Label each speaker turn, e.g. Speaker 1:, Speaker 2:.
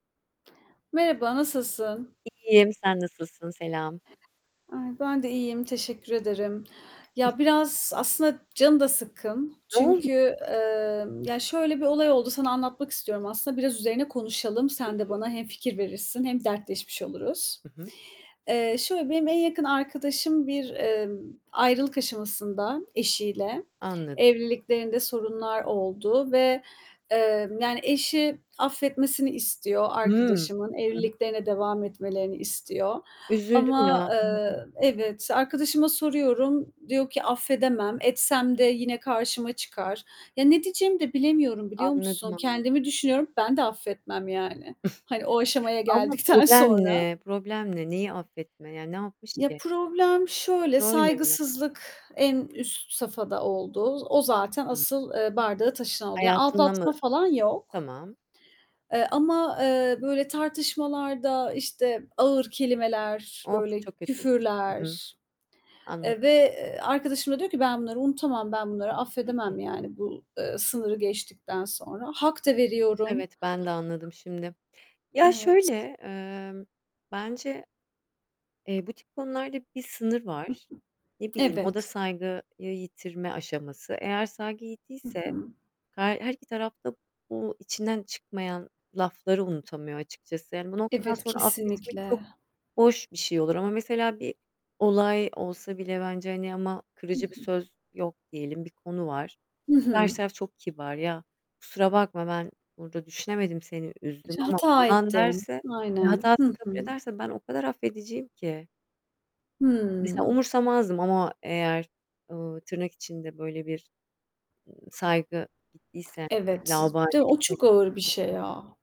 Speaker 1: Merhaba, nasılsın?
Speaker 2: İyiyim. Sen nasılsın? Selam.
Speaker 1: Ay, ben de iyiyim, teşekkür ederim.
Speaker 2: [unintelligible]
Speaker 1: Ya biraz aslında canım da sıkkın.
Speaker 2: Ne oldu
Speaker 1: Çünkü, emm, ya şöyle bir olay oldu, sana anlatmak istiyorum aslında. Biraz üzerine konuşalım, sen de
Speaker 2: Olur.
Speaker 1: bana hem fikir verirsin hem dertleşmiş oluruz.
Speaker 2: Hı hı.
Speaker 1: Eee, şöyle, benim en yakın arkadaşım bir, ımm, ayrılık aşamasında eşiyle.
Speaker 2: Anlad
Speaker 1: Evliliklerinde sorunlar oldu ve, eee, yani eşi affetmesini istiyor
Speaker 2: Hıı
Speaker 1: arkadaşımın,
Speaker 2: [unintelligible]
Speaker 1: evliliklerine devam etmelerini istiyor
Speaker 2: Üzüldüm
Speaker 1: ama,
Speaker 2: ya. Anladım.
Speaker 1: ııı, evet, arkadaşıma soruyorum, diyor ki, "Affedemem, etsem de yine karşıma çıkar." Ya ne diyeceğimi de bilemiyorum, biliyor
Speaker 2: Anladım,
Speaker 1: musun?
Speaker 2: anladım.
Speaker 1: Kendimi düşünüyorum, ben de affetmem yani, hani o aşamaya
Speaker 2: Ama
Speaker 1: geldikten
Speaker 2: problem
Speaker 1: sonra.
Speaker 2: ne, problem ne? Neyi affetme? Yani, ne yapmış
Speaker 1: Ya
Speaker 2: ki?
Speaker 1: problem şöyle,
Speaker 2: Böyle mi?
Speaker 1: saygısızlık en üst safhada oldu. Z o zaten
Speaker 2: Hımm.
Speaker 1: asıl, ııı, bardağı taşıran oldu. Yani
Speaker 2: Hayatına
Speaker 1: aldatma
Speaker 2: mı?
Speaker 1: falan yok.
Speaker 2: Tamam.
Speaker 1: Eee, ama, eee, böyle, tartışmalarda, işte, ağır kelimeler,
Speaker 2: Of,
Speaker 1: böyle,
Speaker 2: çok kötüymüş. Hı hı.
Speaker 1: küfürler,
Speaker 2: Anlad
Speaker 1: eee, ve, eee, arkadaşım da diyor ki, "Ben bunları unutamam. Ben bunları
Speaker 2: Hı hı.
Speaker 1: affedemem. Yani bu, ııı, sınırı geçtikten sonra." Hak da veriyorum.
Speaker 2: Evet. Ben de anladım şimdi. Ya,
Speaker 1: Evet.
Speaker 2: şöyle, ımm, bence eee, bu tip konularda bir sınır
Speaker 1: [unintelligible]
Speaker 2: var. Ne bileyim, o da
Speaker 1: Evet.
Speaker 2: saygıyı yitirme aşaması. Eğer saygı
Speaker 1: Hı
Speaker 2: gittiyse
Speaker 1: hı.
Speaker 2: her her iki taraf da bu içinden çıkmayan lafları unutamıyor açıkçası. Yani bu noktadan
Speaker 1: Evet,
Speaker 2: sonra affetmek
Speaker 1: kesinlikle.
Speaker 2: çok boş bir şey olur ama mesela bir olay olsa bile bence, hani, ama
Speaker 1: Hı
Speaker 2: kırıcı bir
Speaker 1: hı.
Speaker 2: söz yok diyelim, bir konu var.
Speaker 1: Hı
Speaker 2: Karşı
Speaker 1: hı.
Speaker 2: taraf çok kibar, "Ya kusura bakma, ben burada düşünemedim, seni üzdüm
Speaker 1: İşte,
Speaker 2: ama"
Speaker 1: "Hata
Speaker 2: falan
Speaker 1: ettim."
Speaker 2: derse ve
Speaker 1: Aynen. Hı
Speaker 2: hatasını kabul
Speaker 1: hı.
Speaker 2: ederse ben o kadar affediciyim ki. Mesela
Speaker 1: Hımm.
Speaker 2: umursamazdım ama eğer, ııı, tırnak içinde böyle bir, ııı, "saygı gittiyse," yani
Speaker 1: Evet
Speaker 2: laubali
Speaker 1: de o
Speaker 2: etme
Speaker 1: çok ağır bir şey
Speaker 2: [unintelligible]
Speaker 1: ya.